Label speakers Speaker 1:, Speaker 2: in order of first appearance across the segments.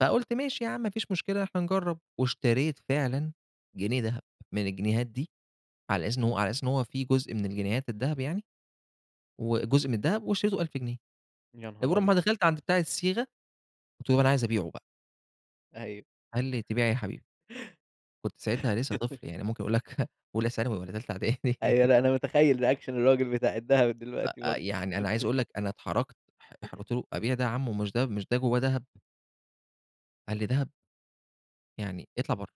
Speaker 1: فقُلت ماشي ياعم ما فيش مشكلة إحنا نجرب، واشتريت فعلًا جنيه دهب من الجنيهات دي، على أساس إن هو
Speaker 2: إمم.
Speaker 1: على أساس إن هو في جزء من الجنيهات الدهب يعني، وجزء من الدهب واشتريته ب1000 جنيه،
Speaker 2: يا نهار
Speaker 1: مجرد
Speaker 2: أبيض!
Speaker 1: ما دخلت عند بتاع الصيغة، قُلت له: "أنا عايز أبيعه بقى."
Speaker 2: أيوه.
Speaker 1: قال لي: "تبيع إيه يا حبيبي؟" كنت ساعتها لسه طفل يعني ممكن أقول لك أولى ثانوي والّا تالتة إعدادي.
Speaker 2: أيوه، لأ أنا متخيل reaction الراجل بتاع الدهب دلوقتي
Speaker 1: أ أ
Speaker 2: برضه.
Speaker 1: يعني أنا عايز أقول لك أنا اتحرجت اح اح قُلت له: "أبيع ده يا عمو، مش ده مش ده جوّاه دهب؟" قال لي: "دهب؟" يعني اطلع برّه،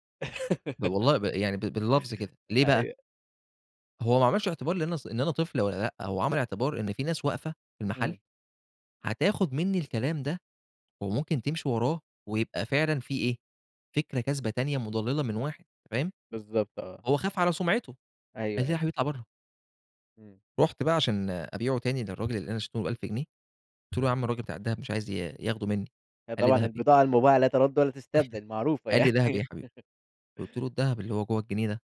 Speaker 1: ب والله ب يعني ب باللفظ كده، ليه بقى؟
Speaker 2: أيوه.
Speaker 1: هو ما عملش اعتبار لإن أنا ص إن أنا طفل والّا لأ، هو عمل اعتبار إن في ناس واقفة في المحل
Speaker 2: إمم.
Speaker 1: هتاخد منّي الكلام ده وممكن تمشي وراه ويبقى فعلًا في إيه فكرة كاذبة تانية مضللة من واحد، أنت فاهم؟
Speaker 2: بالضبط آه.
Speaker 1: هو خاف على سمعته. قال
Speaker 2: أيوه،
Speaker 1: لي: "لا يا
Speaker 2: أيوه.
Speaker 1: حبيبي اطلع برّه."
Speaker 2: إمم.
Speaker 1: رُحت بقى عشان أبيعه تاني للراجل اللي أنا اشتريته ب1000 جنيه. قُلت له: "يا عم الراجل بتاع الدهب مش عايز ي ياخده منّي."
Speaker 2: هي
Speaker 1: قال لي:
Speaker 2: طبعًا
Speaker 1: "دهب إيه؟"
Speaker 2: البضاعة المباعة لا ترد ولا تستبدل معروفة
Speaker 1: قال لي: "دهب إيه
Speaker 2: يعني.
Speaker 1: يا حبيبي؟" قُلت له: "الدهب اللي هو جوّه الجنيه ده."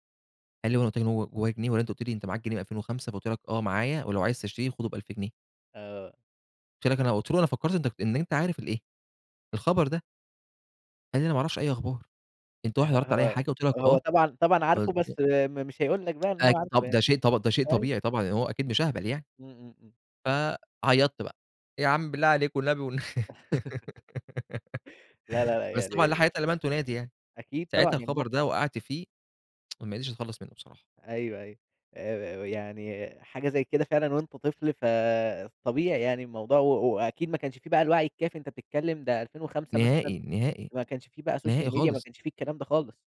Speaker 1: قال لي: "هو أنا قُلت لك إن هو جوّاه جنيه والّا أنت قُلت لي أنت معاك جنيه من 2005 فقُلت لك آه معايا ولو عايز تشتريه خده ب1000 جنيه؟
Speaker 2: آه.
Speaker 1: قُلت لك أنا قُلت له: "أنا فكرت أنت إن أنت عارف الإيه؟ الخبر ده." قال لي: "أنا معرفش أي أخبار، أنت
Speaker 2: آه
Speaker 1: واحد عرضت عليَّ
Speaker 2: ه
Speaker 1: حاجة قُلت لك
Speaker 2: هو هو
Speaker 1: آه"
Speaker 2: طبعًا طبعًا عارفه بس
Speaker 1: [unintelligible]
Speaker 2: م مش هيقول لك بقى إن هو
Speaker 1: أك
Speaker 2: عارفه
Speaker 1: طب
Speaker 2: يعني.
Speaker 1: ده شيء طب ده شيء
Speaker 2: أيوه.
Speaker 1: طبيعي طبعًا هو أكيد مش أهبل يعني.
Speaker 2: إمم، إمم، إمم.
Speaker 1: فعيطت بقى، يا عم بالله عليك والنبي والن
Speaker 2: لا لا لا
Speaker 1: بس طبعًا لا
Speaker 2: يعني
Speaker 1: حياة لمن تنادي يعني.
Speaker 2: أكيد طبعًا
Speaker 1: ساعتها
Speaker 2: يعني
Speaker 1: الخبر
Speaker 2: الموق
Speaker 1: ده وقعت فيه، وما قدرتش أتخلص منه بصراحة.
Speaker 2: أيوه، أيوه. آآ يعني حاجة زي كده فعلًا وأنت طفل فطبيعي يعني الموضوع و وأكيد ما كانش في بقى الوعي الكافي أنت بتتكلم ده 2005
Speaker 1: نهائي،
Speaker 2: مثلًا
Speaker 1: نهائي،
Speaker 2: ما كانش في بقى social
Speaker 1: نهائي
Speaker 2: media ما
Speaker 1: خالص.
Speaker 2: كانش في الكلام ده خالص.